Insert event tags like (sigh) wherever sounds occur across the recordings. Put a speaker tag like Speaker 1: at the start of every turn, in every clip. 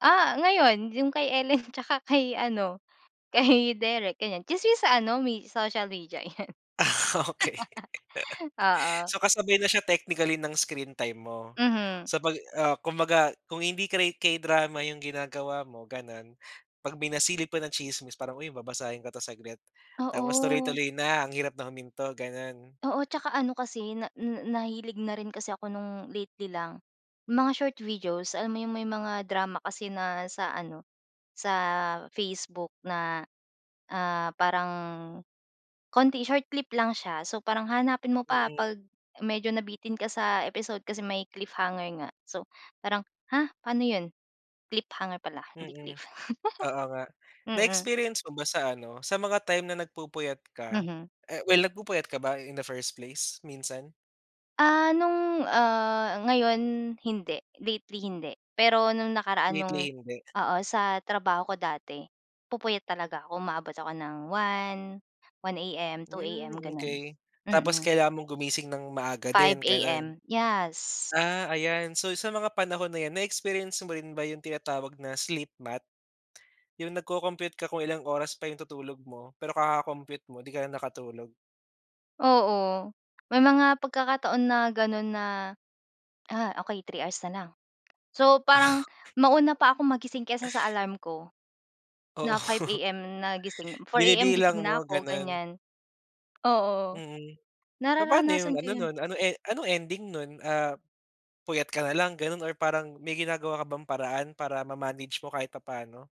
Speaker 1: Ah ngayon, 'yung kay Ellen 'tsaka kay ano kay Derek ganiyan, tsismis sa ano me may social media yan.
Speaker 2: Ah okey. (chuckles)
Speaker 1: (laughs) Oo.
Speaker 2: So kasabay na siya technically ng screen time mo.
Speaker 1: Mhm.
Speaker 2: Sa pag, ah, kumbaga kung hindi kay K-drama 'yung ginagawa mo gano'n, pag may nasilip pa na tsismis parang, uy babasahin ko 'to saglit, tapos
Speaker 1: Oo.
Speaker 2: tuloy-tuloy na ang hirap na huminto, gano'n.
Speaker 1: Oo 'tsaka ano kasi na nahilig na rin kasi ako no'ng lately lang, mga short videos alam mo 'yong may mga drama kasi na sa ano sa Facebook na, ah, parang konti, short clip lang siya so parang hahanapin mo pa
Speaker 2: Mm.
Speaker 1: 'pag medyo nabitin ka sa episode kasi may cliffhanger nga. So, parang, ha? Pa'no 'yon? Cliffhanger pala hindi
Speaker 2: Mm,
Speaker 1: cliff, (chuckles)
Speaker 2: oo nga.
Speaker 1: mm.
Speaker 2: Na-experience mo ba sa ano, sa mga time na nagpupuyat ka,
Speaker 1: Mhm.
Speaker 2: eh, well nagpupuyat ka ba in the first place minsan?
Speaker 1: Ah, nung, ah, ngayon hindi, lately hindi. Pero nung nakaraan nung,
Speaker 2: Lately, hindi.
Speaker 1: oo, sa trabaho ko dati nagpupuyat talaga ako, umaabot ako ng 1, 1 AM, 2
Speaker 2: Hmm,
Speaker 1: AM, gano'n.
Speaker 2: okey. Tapos
Speaker 1: Mm.
Speaker 2: kailangan mong gumising ng maaga
Speaker 1: 5
Speaker 2: din gano'n?
Speaker 1: AM, yes!
Speaker 2: Ah, ayan. So sa mga panahon na 'yan, na experience mo rin ba 'yung tinatawag na sleep math? 'Yung nagko-compute ka kung ilang oras pa 'yung tutulog mo, pero kaka-compute mo 'di ka na nakatulog.
Speaker 1: Oo, may mga pagkakataon na gano'n na, ah, okey 3 hours na lang, so parang mauna pa akong magising kaysa sa alarm ko
Speaker 2: Oo.
Speaker 1: na 5
Speaker 2: (laughs)
Speaker 1: AM na gising, 4 AM gising
Speaker 2: Binibilang
Speaker 1: na
Speaker 2: mo
Speaker 1: ako
Speaker 2: ganun.
Speaker 1: ganiyan. Oo,
Speaker 2: Mm, papa'no 'yung
Speaker 1: nararanasan ko
Speaker 2: ano
Speaker 1: 'yun.
Speaker 2: nun, ano e anong ending nun? Ah, puyat ka nalang ganun or parang may ginagawa ka bang paraan para ma-manage mo kahit papa'no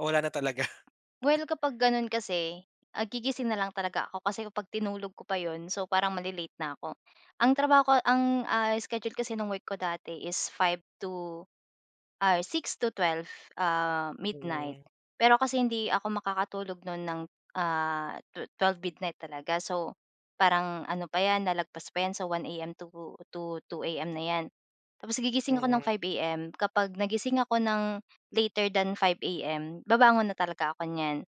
Speaker 2: o wala na talaga. (chuckles)
Speaker 1: Well kapag gano'n kasi, ah, gigising na lang talaga ako kasi kapag tinulog ko pa 'yon so parang male-late na ako. Ang trabaho ko ang, ah, schedule kasi no'ng work ko dati is 5 to, ay 6 to 12, ah, midnight.
Speaker 2: Hmm.
Speaker 1: Pero kasi hindi ako makakatulog no'n ng, ah, tu 12 midnight talaga so, parang ano pa 'yan nalagpas pa 'yan sa 1 AM to 2 AM na 'yan. Tapos gigising ako ng
Speaker 2: Mhm.
Speaker 1: 5 AM, kapag nagising ako ng later than 5 AM babangon na talaga ako niyan.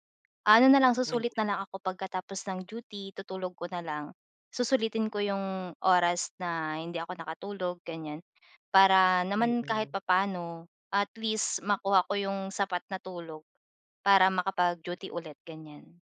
Speaker 1: Ano na lang,
Speaker 2: Mhm.
Speaker 1: susulit na lang ako pagkatapos ng duty, tutulog ko na lang. Susulitin ko 'yong oras na hindi ako nakatulog ganiyan, para naman kahit
Speaker 2: Mm.
Speaker 1: papa'no at least makuha ko 'yong sapat na tulog para makapag-duty ulit, ganiyan.